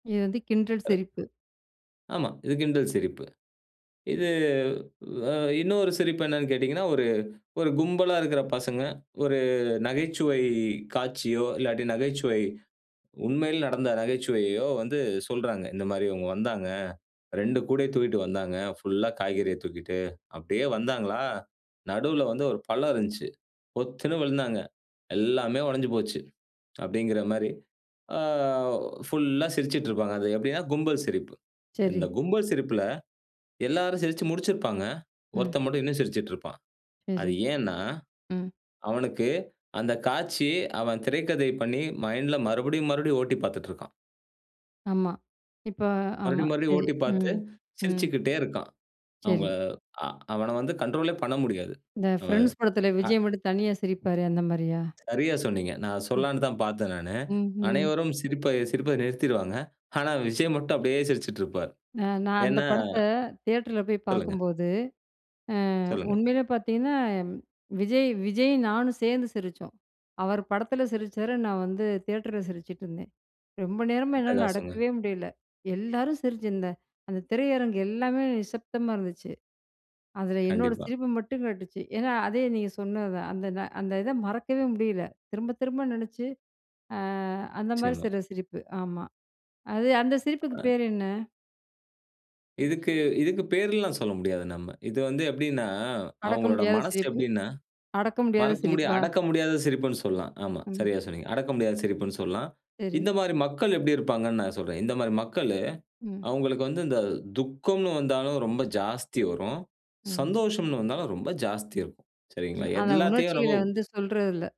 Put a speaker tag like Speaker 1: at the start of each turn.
Speaker 1: இது வந்து கிண்டல்
Speaker 2: அ
Speaker 1: சிரிப்பு.
Speaker 2: ஆமா, இது கிண்டல் சிரிப்பு. இது, அ இன்னொரு சிரிப்பு என்னன்னு கேட்டீங்கன்னா, ஒரு ஒரு கும்பலா இருக்கற பசங்க, ஒரு நகைச்சுவை காட்சியோ, இல்லாட்டி நகைச்சுவை, உண்மையில நடந்த நகைச்சுவையையோ வந்து சொல்றாங்க. இந்த மாரி இவுங்க வந்தாங்க. 2 கூடைய தூக்கிட்டு வந்தாங்க. புல்லா காய்கறிய தூக்கிட்டு, அப்டியே வந்தாங்களா! நடுவுல வந்து ஒரு பள்ளம் இருந்துச்சு. பொத்துன்னு வுழுந்தாங்க. எல்லாமே உடைஞ்சு போச்சு. அப்டிங்கிற மாரி. ஆ, புல்லா சிரிச்சிட்டு இருப்பாங்க. அது எப்டின்னா, கும்பல் சிரிப்பு. இந்த
Speaker 1: சரி.
Speaker 2: கும்பல் சிரிப்புல எல்லாரும் சிரிச்சு முடிச்சிருப்பாங்க.
Speaker 1: ம்.
Speaker 2: ஒருத்தன் மட்டும் இன்னும் சிரிச்சிட்டு இருப்பான்.
Speaker 1: சரி.
Speaker 2: அது ஏன்னா,
Speaker 1: ம்.
Speaker 2: அவனுக்கு, அந்த காட்சி, அவன் திரைக்கதை பண்ணி மைண்ட்ல மறுபடியும் மறுபடியும் ஓட்டி பார்த்துட்ருக்கான்.
Speaker 1: ஆமா. இப்ப ஆமா.
Speaker 2: மறுபடியும் மறுபடியும்
Speaker 1: சரி.
Speaker 2: ஓட்டி பார்த்து,
Speaker 1: ம் ம்.
Speaker 2: சிரிச்சுக்கிட்டே இருக்கான். அவுங்க
Speaker 1: சரி.
Speaker 2: அ அவன வந்து கண்ட்ரோலே பண்ண முடியாது.
Speaker 1: இந்த
Speaker 2: அவ
Speaker 1: "ஃப்ரெண்ட்ஸ்" படத்துல
Speaker 2: அ
Speaker 1: விஜய் மட்டும் தனியா சிரிப்பாரே, அந்த மாரியா?
Speaker 2: சரியா சொன்னீங்க. நான்
Speaker 1: ம்.
Speaker 2: சொல்லலான்னு தான் பார்த்தேன் நானு.
Speaker 1: ம்ஹ்ம்.
Speaker 2: அனைவரும் சிரிப்பை சிரிப்பதை நிறுத்திருவாங்க. ஆனா, விஜய் மட்டும் அப்டியே சிரிச்சிட்டு இருப்பார்.
Speaker 1: அ நான் அந்த
Speaker 2: ஏன்னா
Speaker 1: படத்த தியேட்டர்ல போய்
Speaker 2: சொல்லுங்க.
Speaker 1: பார்க்கும்போது, அ
Speaker 2: சொல்லுங்க.
Speaker 1: உண்மையிலே பார்த்தீங்கன்னா, விஜய், விஜயும் நானும் சேர்ந்து சிரிச்சோம். அவர் படத்துல சிரிச்சாரு, நான் வந்து தியேட்டர்ல சிரிச்சிட்டுருந்தேன். ரொம்ப நேரமா என்னால
Speaker 2: அட்டகாசங்க.
Speaker 1: அடக்கவே முடியல. எல்லாரும் சிரிச்சு இந்த அந்த திரையரங்கு எல்லாமே நிசப்தமா இருந்துச்சு. அதில என்னோட
Speaker 2: கண்டிப்பா.
Speaker 1: சிரிப்பு மட்டும் கேட்டுச்சு. ஏன்னா அதே நீங்க சொன்னது தான். அந்த அந்த இத மறக்கவே முடியல. திரும்ப திரும்ப நெனைச்சு, அ அந்த மாரி
Speaker 2: நிச்சியமா.
Speaker 1: சில சிரிப்பு. ஆமா. அது, அந்த சிரிப்புக்கு
Speaker 2: அ
Speaker 1: பேர் என்ன?
Speaker 2: இதுக்கு இதுக்கு பேர் எல்லாம் சொல்ல முடியாது நம்ம. இது வந்து எப்டின்னா,
Speaker 1: அடக்க
Speaker 2: அவுங்களோட
Speaker 1: முடியாத
Speaker 2: மனசு
Speaker 1: சிரிப்பு
Speaker 2: எப்டின்னா,
Speaker 1: அடக்க முடியாத
Speaker 2: மறக்க முடியா
Speaker 1: சிரிப்பா?
Speaker 2: அடக்க முடியாத சிரிப்புன்னு சொல்லலாம். ஆமா,
Speaker 1: ம்.
Speaker 2: சரியா சொன்னீங்க. அடக்க முடியாத சிரிப்புன்னு சொல்லலாம்.
Speaker 1: சரி.
Speaker 2: இந்த மாரி மக்கள் எப்டி இருப்பாங்கன்னு நான் சொல்றேன். இந்த மாரி மக்களு,
Speaker 1: ம்.
Speaker 2: அவுங்களுக்கு வந்து இந்த துக்கம்னு வந்தாலும் ரொம்ப ஜாஸ்தி வரும்.
Speaker 1: ம்.
Speaker 2: சந்தோஷம்னு வந்தாலும் ரொம்ப ஜாஸ்தி இருக்கும்.
Speaker 1: ம்.
Speaker 2: சரிங்களா?
Speaker 1: அந்த
Speaker 2: எல்லாத்தையும்
Speaker 1: உணர்ச்சிகள
Speaker 2: ரொம்ப
Speaker 1: வந்து சொல்றது இல்ல.